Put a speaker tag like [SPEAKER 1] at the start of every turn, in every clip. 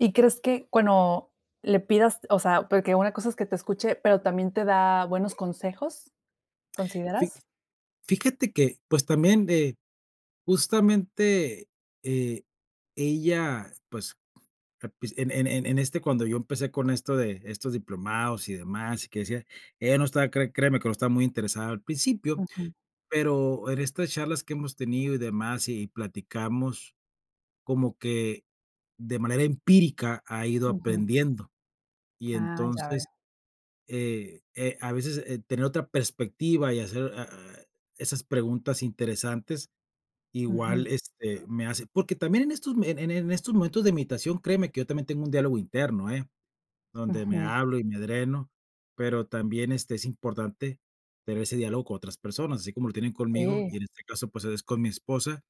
[SPEAKER 1] ¿Y crees que cuando le pidas o sea, porque una cosa es que te escuche, pero también te da buenos consejos?,
[SPEAKER 2] Fi
[SPEAKER 1] ¿consideras?
[SPEAKER 2] fíjate que, pues, también de justamente, eh, ella, pues, al princi en en en en este cuando yo empecé con esto de estos diplomados y demás y que decía, ella no estaba cre créeme que no estaba muy interesada al principio,
[SPEAKER 1] Ujú.
[SPEAKER 2] pero en estas charlas que hemos tenido y demás y platicamos, como que de manera empírica ha ido
[SPEAKER 1] Ujú.
[SPEAKER 2] aprendiendo. Y
[SPEAKER 1] Ah, ya
[SPEAKER 2] entonces,
[SPEAKER 1] veo.
[SPEAKER 2] eh eh, a veces, eh, tener otra perspectiva y hacer, ah ah, esas preguntas interesantes
[SPEAKER 1] Ujú.
[SPEAKER 2] igual, este, me hace Porque también en estos, en en estos momentos de imitación, créeme que yo también tengo un diálogo interno, ¿eh?, donde me
[SPEAKER 1] Ujú.
[SPEAKER 2] hablo y me dreno. Pero también, este, es importante tener ese diálogo con otras personas, así como lo tienen conmigo,
[SPEAKER 1] Sí.
[SPEAKER 2] y en este caso, pues, es con mi esposa.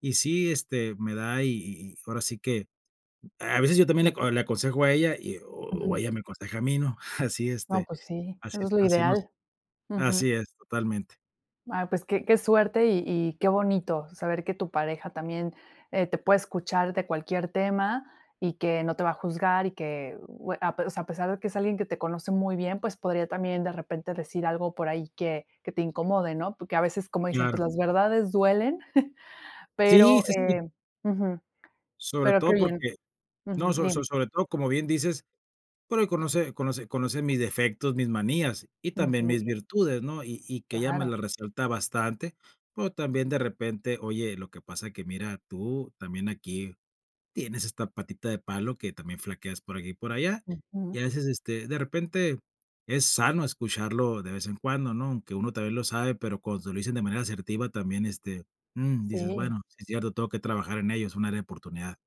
[SPEAKER 2] Y sí, este, me da y y y ahora sí que a veces yo también le aco le aconsejo a ella y o o
[SPEAKER 1] Ujú.
[SPEAKER 2] ella me aconseja a mí, ¿no? Así,
[SPEAKER 1] No,
[SPEAKER 2] este,
[SPEAKER 1] pues sí,
[SPEAKER 2] así
[SPEAKER 1] eso es lo
[SPEAKER 2] así nos
[SPEAKER 1] ideal.
[SPEAKER 2] Así
[SPEAKER 1] Ujú.
[SPEAKER 2] es, totalmente.
[SPEAKER 1] Ah, pues que que suerte y y qué bonito saber que tu pareja también, eh, te puede escuchar de cualquier tema y que no te va a juzgar y que bue ape o sea, a pesar de que es alguien que te conoce muy bien, pues podría también de repente decir algo por ahí que que te incomode, ¿no? Porque a veces, como dicen, pues
[SPEAKER 2] Claro.
[SPEAKER 1] las verdades duelen,
[SPEAKER 2] Sí,
[SPEAKER 1] pero,
[SPEAKER 2] sí, sí.
[SPEAKER 1] eh ujú,
[SPEAKER 2] Sobre
[SPEAKER 1] pero qué
[SPEAKER 2] todo
[SPEAKER 1] bien
[SPEAKER 2] porque no,
[SPEAKER 1] Ujú,
[SPEAKER 2] so so
[SPEAKER 1] dime.
[SPEAKER 2] sobre todo, como bien dices, porque conoce conoce conoce mis defectos, mis manías y también
[SPEAKER 1] Ujú.
[SPEAKER 2] mis virtudes, ¿no? Y y que ella me
[SPEAKER 1] Claro.
[SPEAKER 2] las resalta bastante, o también de repente: "Oye, lo que pasa que mira, tú también aquí tienes esta patita de palo que también flaqueas por aquí y por allá". Y a
[SPEAKER 1] Ujú.
[SPEAKER 2] veces, este, de repente es sano escucharlo de vez en cuando, ¿no? Aunque uno también lo sabe, pero cuando se lo dicen de manera asertiva también, este, mm, dices:
[SPEAKER 1] Sí.
[SPEAKER 2] "Bueno, sí es cierto. Tengo que trabajar en ello, es un área de oportunidad".